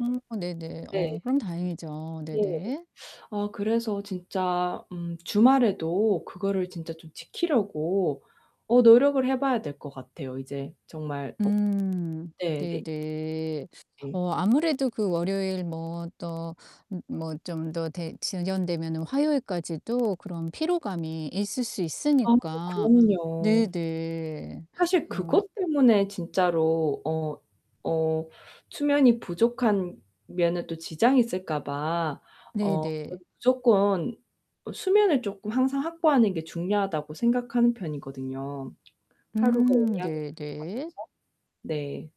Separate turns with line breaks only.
음 어 네네.
네.
어 그럼 다행이죠.
네.
네네.
아 그래서 진짜 음 주말에도 그거를 진짜 좀 지키려고 어 노력을 해 봐야 될 것 같아요, 이제. 정말 어
음.
네 네.
네네.
예.
어 아무래도 그 월요일 뭐 또 므 뭐 좀 더 되 지연되면은 화요일까지도 그런 피로감이 있을 수
아고
있으니까.
그럼요.
네네.
사실
어 아
그것 때문에 진짜로 어 어 수면이 부족한 면은 또 지장이 있을까 봐
네
어 전
네.
'무조건 수면을 쪼끔 항상 확보하는 게 중요하다.'고 생각하는 편이거든요, 하루 그
음.
용량이 [unintelligible] 것
네 네.
같아서. 네.